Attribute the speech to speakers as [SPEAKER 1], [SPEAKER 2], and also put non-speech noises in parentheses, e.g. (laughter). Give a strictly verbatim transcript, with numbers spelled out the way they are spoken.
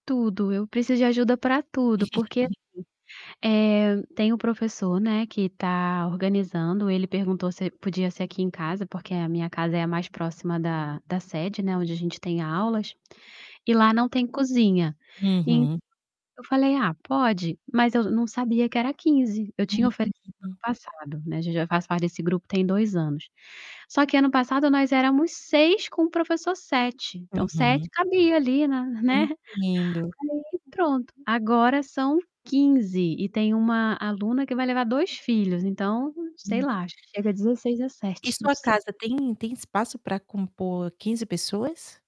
[SPEAKER 1] Tudo, eu preciso de ajuda para tudo, porque assim,
[SPEAKER 2] (chuckles)
[SPEAKER 1] eh, tem o professor, né, que tá organizando, ele perguntou se podia ser aqui em casa, porque a minha casa é a mais próxima da da sede, né, onde a gente tem aulas, e lá não tem cozinha. En
[SPEAKER 2] Uhum.
[SPEAKER 1] eu falei: "Ah, pode", mas eu não sabia que era quinze, eu tinha oferecido ano
[SPEAKER 2] Hum.
[SPEAKER 1] passado, né, já já faço parte desse grupo tem dois anos. Só que ano passado nós éramos seis, com o professor sete, então sete
[SPEAKER 2] Uhum.
[SPEAKER 1] cabia ali na né? (laughs)
[SPEAKER 2] Entendo.
[SPEAKER 1] Aí, pronto, agora são quinze, e tem uma aluna que vai levar dois filhos, então, sei
[SPEAKER 2] Hum.
[SPEAKER 1] lá, acho que chega dezesseis,
[SPEAKER 2] E
[SPEAKER 1] dezessete, não
[SPEAKER 2] sua
[SPEAKER 1] sei.
[SPEAKER 2] casa tem tem espaço para compor quinze pessoas?